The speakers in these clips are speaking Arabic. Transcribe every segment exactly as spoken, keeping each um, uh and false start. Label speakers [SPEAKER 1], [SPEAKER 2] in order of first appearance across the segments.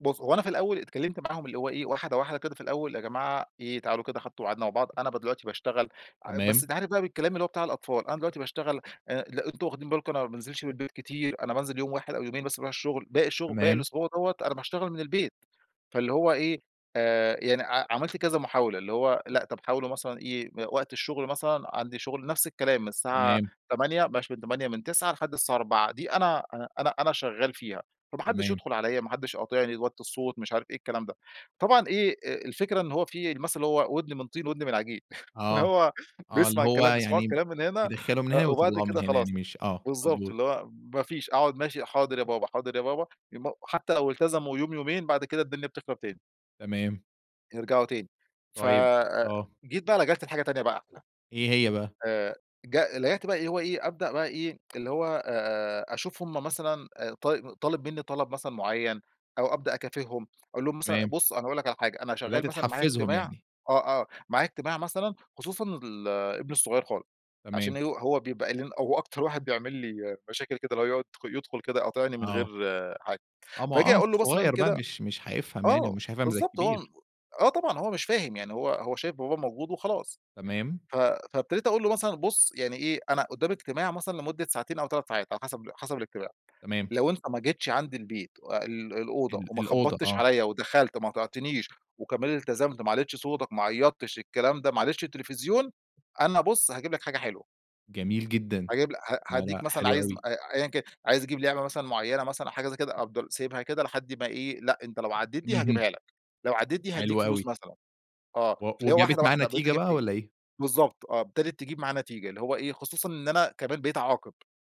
[SPEAKER 1] بُص، هو أنا في الأول اتكلمت معاهم اللي هو إيه، واحدة، واحدة كده في الأول، يا جماعة إيه تعالوا كده، أخدته وقعدنا مع بعض، أنا ب دلوقتي باشتغل بس
[SPEAKER 2] تمام.
[SPEAKER 1] أنت عارف بقى بالكلام اللي هو بتاع الأطفال، أنا دلوقتي باشتغل آآ، لأ أنتم واخدين بالكم أنا ما بانزلش من البيت كتير، أنا بانزل يوم واحد أو يومين بس باروح الشغل باقي الشغل باقي
[SPEAKER 2] تمام.
[SPEAKER 1] الأسبوع دوَّة أنا باشتغل من البيت. فاللي هو إيه، آآ، يعني ع عملت كذا محاولة، اللي هو لأ، طب حاولوا مثلًا إيه إ وقت الشغل مثلًا، عندي شغل نفس الكلام، من الساعة
[SPEAKER 2] تمام.
[SPEAKER 1] تمانية، بلاش من تمانية، من تسعة لحد الساعة أربعة، دي أنا أنا شغّال فيها، فما حدش
[SPEAKER 2] تمام.
[SPEAKER 1] يدخل عليَّ، ما حدش يقاطعني، وطوا الصوت، مش عارف إيه الكلام ده. طبعًا إيه، آآ، الفكرة إن هو في المثل اللي هو: "ودن من طين وودن من عجين" فاللي
[SPEAKER 2] آه،
[SPEAKER 1] هو
[SPEAKER 2] آه اللي
[SPEAKER 1] بيسمع
[SPEAKER 2] هو
[SPEAKER 1] الكلام بيسمعوا
[SPEAKER 2] يعني ب
[SPEAKER 1] الكلام من هنا
[SPEAKER 2] بيدخله من هنا
[SPEAKER 1] وبعد
[SPEAKER 2] ويطلعه من
[SPEAKER 1] كده
[SPEAKER 2] هنا
[SPEAKER 1] خلاص،
[SPEAKER 2] يعني مش آه،
[SPEAKER 1] بالضبط.
[SPEAKER 2] مضبوط.
[SPEAKER 1] اللي هو ما فيش أقعد، ماشي حاضر يا بابا، حاضر يا بابا، يوم حتى لو التزموا يوم، يومين، بعد كده الدنيا بتخرب تاني
[SPEAKER 2] تمام.
[SPEAKER 1] يرجعوا تاني. ف
[SPEAKER 2] طيب
[SPEAKER 1] آآ
[SPEAKER 2] آه.
[SPEAKER 1] جيت بقى لجأت لحاجة تانية بقى أحلى.
[SPEAKER 2] إيه هي بقى؟
[SPEAKER 1] آآ جأ لجأت بقى اللي هو إيه، أبدأ بقى إيه، اللي هو أشوف هم مثلًا طال طالب مني طلب مثلًا معين أو أبدأ أكافئهم، أقول لهم مثلًا
[SPEAKER 2] تمام.
[SPEAKER 1] بُص، أنا هاقول لك على حاجة، أنا
[SPEAKER 2] بدأت
[SPEAKER 1] شغال مثلًا معايا
[SPEAKER 2] تحفزهم
[SPEAKER 1] اجتماع
[SPEAKER 2] يعني؟
[SPEAKER 1] آه، آه، معايا اجتماع مثلًا، خصوصًا ال ابني الصغير خالص، عشان
[SPEAKER 2] تمام.
[SPEAKER 1] ه هو بيبقى [unintelligible] هو أكتر واحد بيعمل لي مشاكل كده، اللي هو يد يدخل كده يقاطعني من غير
[SPEAKER 2] آه.
[SPEAKER 1] حاجة.
[SPEAKER 2] آه، ما هو
[SPEAKER 1] فآجي
[SPEAKER 2] آه،
[SPEAKER 1] أقول له مثلًا
[SPEAKER 2] صغير بقى
[SPEAKER 1] كده
[SPEAKER 2] مش مش هيفهم يعني،
[SPEAKER 1] آه،
[SPEAKER 2] ومش هيفهم زي
[SPEAKER 1] بالضبط هو م
[SPEAKER 2] الكبير.
[SPEAKER 1] آه طبعًا، هو مش فاهم، يعني هو هو شايف باباه موجود وخلاص.
[SPEAKER 2] تمام.
[SPEAKER 1] ف فابتديت أقول له مثلًا: "بُص يعني إيه، أنا قدامي اجتماع مثلًا لمدة ساعتين أو تَلَت ساعات، على حسب حسب الاجتماع،
[SPEAKER 2] تمام.
[SPEAKER 1] لو أنت ما جيتش عندي البيت ال الأوضة
[SPEAKER 2] ال
[SPEAKER 1] وما
[SPEAKER 2] الأوضة،
[SPEAKER 1] خبطتش
[SPEAKER 2] آه.
[SPEAKER 1] عليَّ ودخلت وما اقطعتنيش وكمان التزمت، ما علًّيتش صوتك، ما عيطتش، الكلام ده، ما علِّيتش التلفزيون، أنا بُص هاجيب لك حاجة حلوة."
[SPEAKER 2] جميل جدًا!
[SPEAKER 1] هاجيب ل ه
[SPEAKER 2] لا،
[SPEAKER 1] هاديك
[SPEAKER 2] لا،
[SPEAKER 1] مثلًا
[SPEAKER 2] حلو
[SPEAKER 1] عايز م
[SPEAKER 2] أوي!
[SPEAKER 1] أيًا كان، عايز يجيب لعبة مثلًا معينة مثلًا أو حاجة زي كده، أفضل سايبها كده لحد ما إيه، لأ أنت لو عديت دي
[SPEAKER 2] اهم.
[SPEAKER 1] هاجيبها لك، لوعديت دي
[SPEAKER 2] حلو
[SPEAKER 1] هاديك
[SPEAKER 2] أوي!
[SPEAKER 1] فلوس مثلًا. آه،
[SPEAKER 2] و
[SPEAKER 1] فاللي هو
[SPEAKER 2] وجابت
[SPEAKER 1] واحدة،
[SPEAKER 2] معاه
[SPEAKER 1] واحدة بقيت
[SPEAKER 2] نتيجة
[SPEAKER 1] أجيبها
[SPEAKER 2] بقى
[SPEAKER 1] يعني.
[SPEAKER 2] والّا إيه؟
[SPEAKER 1] بالضبط، آه، ابتدت تجيب معاه نتيجة. اللي هو إيه، خصوصًا إن أنا كمان بقيت أعاقب.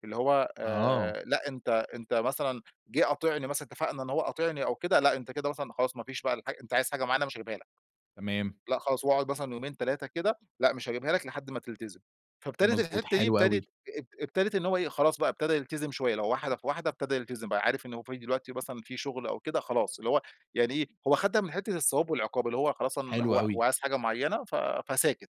[SPEAKER 1] اللي هو،
[SPEAKER 2] آه.
[SPEAKER 1] آآ لأ أنت أنت مثلًا جه قاطعني مثلًا اتفقنا إن هو قاطعني أو كده، لأ أنت كده مثلًا خلاص، مافيش بقى الحا أنت عايز حاجة معينة مش هجيبها لك.
[SPEAKER 2] تمام.
[SPEAKER 1] لأ، خلاص. وأقعُد مثلًا يومين، تلاتة كده لأ، مش هجبيها لك لحد ما تلتزم. فابتدت
[SPEAKER 2] مضبوط.
[SPEAKER 1] الحتة دي
[SPEAKER 2] حلو
[SPEAKER 1] ابتدت
[SPEAKER 2] أوي!
[SPEAKER 1] اب ابتدت إن هو إيه، خلاص بقى ابتدى يلتزم شوية، اللي هو واحدة في واحدة ابتدى يلتزم، بقى عارف إنه هو في دلوقتي مثلًا في شغل أو كده خلاص، اللي هو يعني إيه، هو أخدها من حتة الثواب والعقاب، اللي هو خلاص أن
[SPEAKER 2] حلو
[SPEAKER 1] هو هو
[SPEAKER 2] أوي!
[SPEAKER 1] عايز حاجة معينة ف فساكت.